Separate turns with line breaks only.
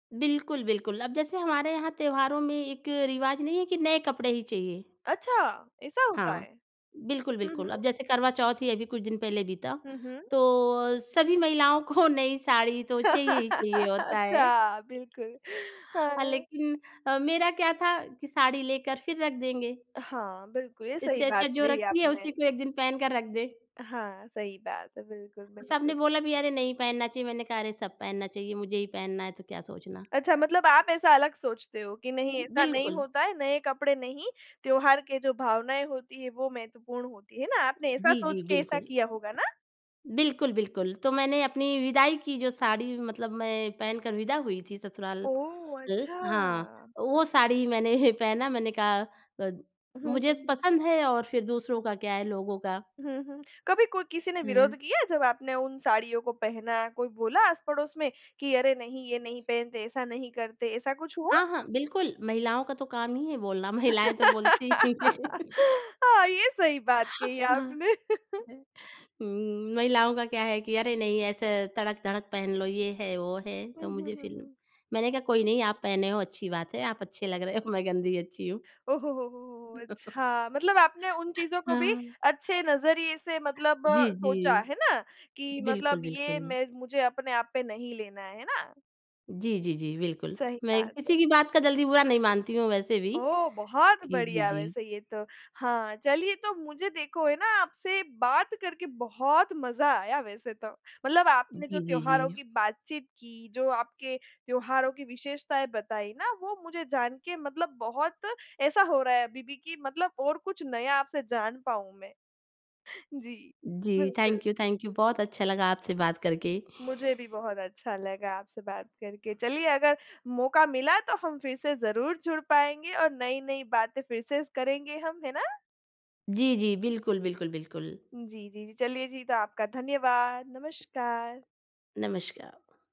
बिल्कुल बिल्कुल। अब जैसे हमारे यहाँ त्योहारों में एक रिवाज़ नहीं है कि नए कपड़े ही चहिए।
अच्छा! ऐसा होता
हाँ,
है?
बिल्कुल,
हुँ,
बिल्कुल। अब
हुँ।
जैसे करवा चौथ ही अभी कुछ दिन पहले बीता,
हुँ, हुँ।
तो अ, सभी महिलाओं को नई साड़ी तो चाहिए ही चाहिए होता है।
अच्छा, बिल्कुल,
हाँ,
हाँ।
लेकिन अ, मेरा क्या था कि साड़ी लेकर फिर रख देंगे।
हाँ, बिल्कुल ये सही
इससे अच्छा
बात
जो
कही
रखी है,
आपने।
उसी को एक दिन पहन कर रख दें।
हाँ, सही बात है। बिल्कुल,
सबने
बिल्कुल।
बोला भी, "अरे नहीं पहनना चाहिए।" मैंने कहा, "अरे सब पहनना चाहिए। मुझे ही पहनना है तो क्या सोचना?"
अच्छा मतलब आप ऐसा अलग सोचते हो कि नहीं ऐसा नहीं
बिल्कुल।
होता है, नए कपड़े नहीं। त्योहार के जो भावनाएँ होती हैं वो महत्वपूर्ण होती हैं ना आपने ऐसा
जी, जी,
सोच के ऐसा
बिल्कुल।
किया होगा ना?
बिल्कुल बिल्कुल। तो मैंने अपनी विदाई की जो साड़ी मतलब मैं पहनकर विदा हुई थी ससुराल,
ओह!
ल हाँ
अच्छा।
वो साड़ी मैंने पहना मैंने कहा अ,
हुँ,
मुझे
हुँ, हुँ।
पसंद है और फिर दूसरों का क्या है लोगों का?
हुँ, हुँ। कभी को किसी ने
हुँ।
विरोध किया जब आपने उन साड़ियों को पहना, कोई बोला आस पड़ोस में कि, "अरे नहीं ये नहीं पहनते, ऐसा नहीं करते।" ऐसा कुछ हुआ?
हाँ, हाँ, बिल्कुल। महिलाओं का तो काम ही है बोलना महिलाएँ तो बोलती ही हैं
हाँ, ये सही बात कही
न
आपने।
है। हुँ, महिलाओं का क्या है कि अरे नहीं, ऐसे तड़क-धड़क पहन लो। ये है, वो है,
हुँ,
तो
हुँ,
मुझे
हुँ,
फिर
हुँ।
मैंने कहा कोई नहीं, आप पहने हो अच्छी बात है, आप अच्छे लग रहे हो मैं गंदी अच्छी हूँ।
ओहो, हो, हो, हो, हो! अच्छा। मतलब आपने उन चीज़ों को भी
हाँ।
अच्छे नज़रिए से मतलब
जी,
सोचा।
जी।
है ना? कि
बिल्कुल,
मतलब ये
बिल्कुल।
मे मुझे अपने आप पे नहीं लेना है, है ना?
जी, जी, जी, बिल्कुल।
सही
मैं
बात है।
किसी की बात का जल्दी बुरा नहीं मानती हूँ वैसे भी।
ओह! बहुत
कि
बढ़िया
जी।
वैसे ये तो। हाँ, चलिए तो मुझे देखो है ना, आपसे बात करके बहुत मज़ा आया वैसे तो। मतलब आपने जो
जी, जी,
त्योहारों
जी।
की बातचीत की, जो आपके त्योहारों की विशेषताएँ बताईं ना वो मुझे जान के मतलब बहुत ऐसा हो रहा है अभी भी की मतलब और कुछ नया आपसे जान पाऊँ मैं। जी,
जी,
बिल्कुल।
थैंक यू थैंक यू बहुत अच्छा लगा आपसे बात करके।
मुझे भी बहुत अच्छा लगा आपसे बात करके, चलिए अगर मौका मिला तो हम फिर से ज़रूर जुड़ पाएँगे और नई-नई बातें फिर से करेंगे हम, है ना?
जी, जी, बिल्कुल, बिल्कुल, बिल्कुल।
जी, जी, जी। चलिए जी, तो आपका धन्यवाद, नमस्कार।
नमस्कार।